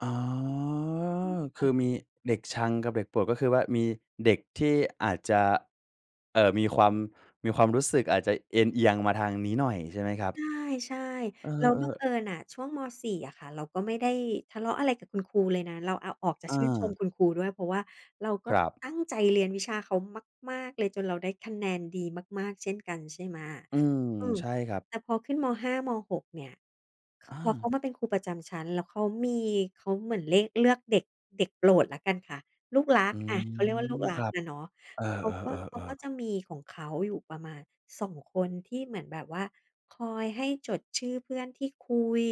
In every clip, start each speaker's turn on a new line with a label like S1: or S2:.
S1: อ๋อ ค
S2: ค่
S1: ื
S2: ะ
S1: อมีเด็กชังกับเด็กโปรด ก็คือว่า มีเด็กที่อาจจะ เอ่อ มีความ มีความรู้สึกอาจจะเอนเอียงมาทางนี้หน่อยใช่ไหมครับ?
S2: ใช่
S1: เอ
S2: ๆ แล้วบั
S1: อ
S2: งเอ
S1: ๆ
S2: ิญน่ะช่วง ม.4 อะค่ะ เราก็ไม่ได้ทะเลาะอะไรกับคุณครูเลยนะ เราเอาออกจาก
S1: อ
S2: ชื่นชม
S1: า
S2: คุณครูด้วย เพราะว่าเราก็
S1: ครับ
S2: ตั้งใจเรียนวิชาเขามาก ๆ เลยจนเราได้คะแนนดีมาก ๆ เช่นกัน ใช่ไหม
S1: อืม
S2: อือ
S1: ใช่ครับ
S2: แต่พอขึ้น ม.5 ม.6 เนี่ย
S1: อ
S2: พอเขา
S1: า
S2: มาเป็นครูประจำชั้น แล้วเขามี เขาเหมือนเลข เลือก เลือกเด็ก เด็กโปรดแล้วกันค่ะ ลูกรั
S1: อ
S2: ก
S1: ื
S2: อะ เขาเรียกว่าลู
S1: ม
S2: กร
S1: ค
S2: ัก
S1: รับ
S2: อะเนาะ
S1: เออ
S2: เขาก็ เขาก
S1: ๆ
S2: ็
S1: ๆ ๆ
S2: จะมีของเขาอยู่ประมาณ 2 คน ที่เหมือนแบบว่าคอยให้จดชื่อเพื่อนที่คุย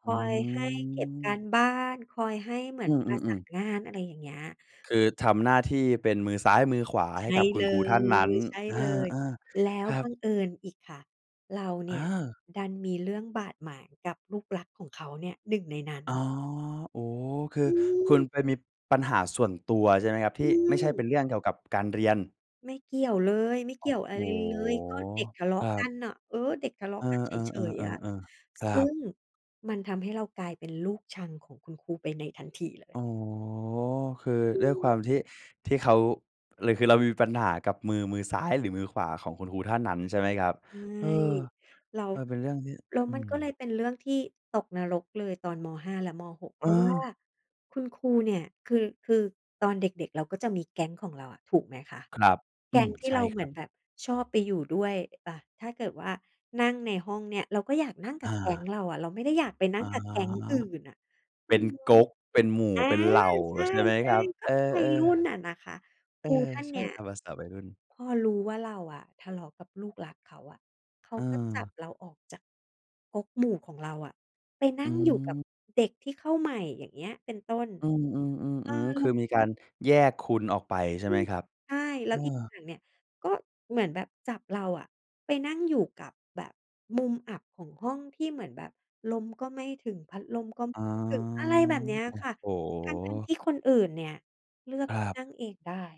S2: ค
S1: อื
S2: อยให้เก็บกา
S1: ม
S2: รบ้าน คอยให้เหมื
S1: อ
S2: อ
S1: ื
S2: นประสา
S1: อ ๆ
S2: น
S1: ๆ
S2: งาน อะไรอย่างเงี้ย
S1: คือทำหน้าที่เป็นมือซ้ายมือขวา
S2: ใช
S1: ให้
S2: ่
S1: กับคุ
S2: เล
S1: ณครูท่านนั้น
S2: ย ใช่
S1: อ
S2: เลย
S1: า
S2: แล้ว
S1: ๆ ครั
S2: บ
S1: บ
S2: ังเอิญอีกค่ะ เราเน
S1: อ
S2: ี่ย
S1: า
S2: ดันมีเรื่องบาดหมางกับลูกรักของเขาเนี่ย 1 ในนั้
S1: อ๋อ
S2: น
S1: โอ้โฮ คือ
S2: อื
S1: คุณ
S2: ม
S1: ไปมีปัญหาส่วนตัวใช่ไหมครับ? ท
S2: อ
S1: ี่
S2: ื
S1: ไม่ใช่เป
S2: ม
S1: ็นเรื่องเกี่ยวกับการเรียน
S2: ไม่เกี่ยวเลย ไม่
S1: โ
S2: เ
S1: อ
S2: ก
S1: ้
S2: ี่ยวอะ
S1: โฮ
S2: ไรเลย ก็เด็กทะเลา
S1: คร
S2: ะ
S1: ั
S2: กั
S1: บ
S2: นน่ะ เออ เด็กทะเลา
S1: เอ
S2: ะ
S1: อ
S2: กันเฉย ๆ อะ
S1: ๆ ๆ ๆ ๆ ครั
S2: ซึ่
S1: บ
S2: งมันทำให้เรากลายเป็นลูกชังของคุณครูไปในทันทีเล
S1: อ
S2: ย
S1: ๋อ คือ
S2: อ
S1: ด้วยคว
S2: ือ
S1: ามที่ ที่เขา หรือคือเรามีปัญหากับมือ มือซ้ายหรือมือขวาของคุณครูท่านนั้นใช่ไหมครับ?
S2: ใช่
S1: เออ
S2: แล้ว
S1: มันเป็นเรื่องที่
S2: แล้ว
S1: อื
S2: มันก็เลย
S1: ม
S2: เป็นเรื่องที่ตกนรกเลยตอน ม.5 และ ม.6 เ
S1: เ
S2: พราะว่า
S1: ออ
S2: คุณครูเนี่ย คือ คือตอนเด็ก ๆ เราก็จะมีแก๊งของเราอะ ถูกไหมคะ
S1: ครับ
S2: แก
S1: อื
S2: ๊ง
S1: อ
S2: ที่
S1: ใช
S2: เ
S1: ่
S2: รา
S1: ค
S2: เหม
S1: ร
S2: ื
S1: ั
S2: อ
S1: บ
S2: นแบบชอบไปอยู่ด้วย ต ถ้าเกิดว่านั่งในห้องเนี่ย เราก็อยากนั่งก
S1: อ
S2: ับแก๊ง
S1: า
S2: เราอะ เราไม่ได้อยากไปน
S1: อ
S2: ั
S1: ๋
S2: ่
S1: อ
S2: งกับแก๊งอื่นน่ะ
S1: เ
S2: อ
S1: ป
S2: ื
S1: ็น
S2: อฮึ
S1: ก๊ก เป็นหมู่
S2: อา
S1: เป็นเหล่า
S2: ใช่
S1: ใช่ไหมครับ?
S2: ๆ ก
S1: เ
S2: ็
S1: ออ
S2: วัยรุ่นน่ะ
S1: ๆ
S2: นะคะ
S1: เอ
S2: ค
S1: อ
S2: รูท่าน
S1: ใช
S2: เ
S1: ่
S2: นี้ย
S1: ตามภาษาวัยรุ่น
S2: พอรู้ว่าเราอะทะเลาะกับลูกรักเขาอะ เขาก็จับ
S1: เออ
S2: เราออกจากก๊กหมู่ของเราอะ ไปนั
S1: อ
S2: ่
S1: ื
S2: งอยู่กับ
S1: ม
S2: เด็กที่เข้าใหม่อย่างเงี้ย เป็นต้น
S1: อืม ๆ
S2: เ
S1: ๆ
S2: อ
S1: อื
S2: อ
S1: อ
S2: แ
S1: ค
S2: ล้
S1: ือ
S2: ว
S1: มีการแยกคุณออกไปใช่
S2: อ
S1: ไ
S2: ื
S1: หม
S2: อ
S1: ครับ?
S2: ใช่ แล
S1: เ
S2: ้
S1: อ
S2: วอีก
S1: อ
S2: อย่างเนี่ย ก็เหมือนแบบจับเราอะไปนั่งอยู่กับแบบมุมอับของห้อง ที่เหมือนแบบลมก็ไม่ถึง พัดลมก็ไ
S1: อ
S2: ม
S1: ๋
S2: ่
S1: อ
S2: ถึง อะไรแบบเนี้ย
S1: โอ้
S2: ค่ะ
S1: โ
S2: ทั้ง ๆ
S1: ฮ
S2: ที่คนอื่นเนี่ยเลือก
S1: ครับ
S2: นั่งเองได้